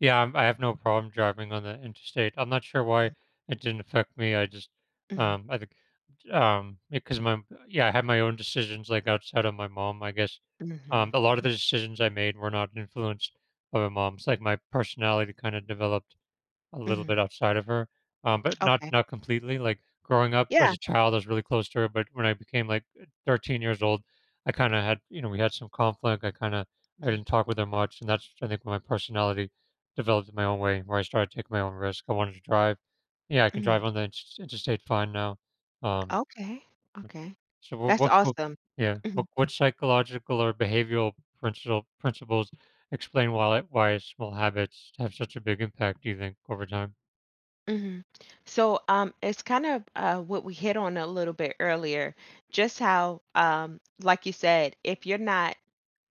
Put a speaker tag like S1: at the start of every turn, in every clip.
S1: Yeah, um, I, have no problem driving on the interstate, I'm not sure why
S2: Mm.
S1: it didn't affect me, I just,
S2: Mhm
S1: um, I think, j um, because my m Yeah, I had my own decisions, like, outside of my mom, I guess. Um,
S2: Mhm.
S1: a lot of
S2: M
S1: the decisions I made were not influenced by my mom, it's, like, my personality kinda developed a little
S2: Mhm.
S1: bit outside of her, um, but not
S2: Okay.
S1: not completely, like, growing up as
S2: Yeah.
S1: a child, I was really close to her, but when I became, like, eh, 13 years old, I kinda had you know, we had some conflict, I kinda I
S2: Mhm.
S1: didn't talk with her much and that's I think my personality developed in my own way where I started to take my own risk, I wanted to drive. Yeah, I can drive
S2: Mhm.
S1: on the insters interstate fine now. Um,
S2: Okay,
S1: U
S2: okay.
S1: So w
S2: That's
S1: what's co
S2: awesome.
S1: Yeah.
S2: Mhm.
S1: What, what psychological or behavioral principle principles explain while it why it small habits have such a big impact, do you think over time?
S2: Mhm. So, um, it's kind of, uh, what we hit on a little bit earlier, just how, um, like you said, if you're not,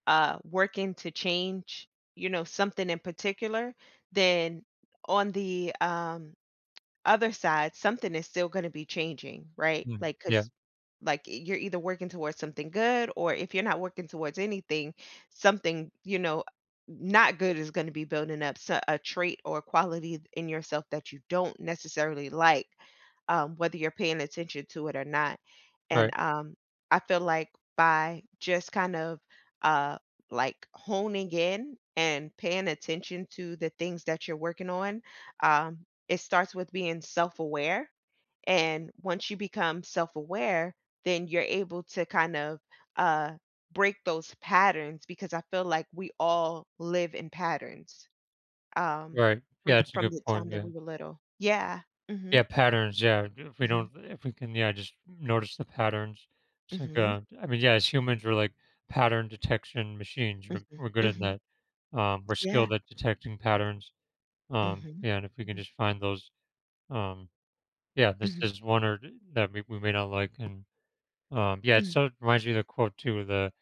S2: uh, working to change, you know, something in particular, then on the, um, other side, something is still gonna be changing, right,
S1: Mhm,
S2: like,
S1: yeah.
S2: 'cause Like, eh, you're either working towards something good or if you're not working towards anything something, you know, uh, n not good is gonna be building up s a trait or a quality d in yourself that you don't necessarily like, um, whether you're paying attention to it or not. And,
S1: Right.
S2: um, I feel like by just kind of, uh, like, honing in and paying attention to the things that you're working on, um, it starts with being self-aware, and once you become self-aware, then you're able to kind of, uh, break those patterns because I feel like we all live in patterns, um,
S1: Right. Yeah,
S2: from
S1: that's a
S2: from
S1: good
S2: the time
S1: point,
S2: that
S1: yeah.
S2: we were little, yeah.
S1: Yeah,
S2: Mhm.
S1: patterns, yeah, if we don't
S2: Mhm.
S1: if we can, yeah, just notice the patterns. It's like,
S2: Mhm.
S1: uh, I mean, yeah, as humans we're, like, pattern detection machines, we're,
S2: Mhm,
S1: we're good at
S2: mhm.
S1: that. Um, we're
S2: Yeah.
S1: skilled at detecting patterns, um,
S2: Mhm.
S1: yeah, and if we can
S2: Mhm.
S1: just find those, um Yeah, there's,
S2: Mhm.
S1: there's one or that or we we may not like and, um Yeah, it
S2: Mhm
S1: sort of reminds you of the quote too, the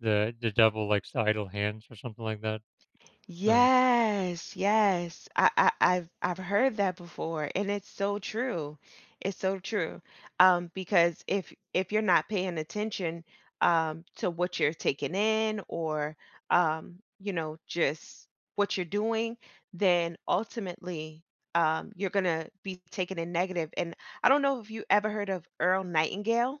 S1: the the devil likes idle hands or something like that? Um
S2: Yes, yes, I I I've I've heard that before, and it's so true, it's so true, um, because if if you're not paying attention, um, to what you're taking in, or, um, you know, just what you're doing, then ultimately, um, you're gonna be taken in negative, and I don't know if you ever heard of Earl Nightingale?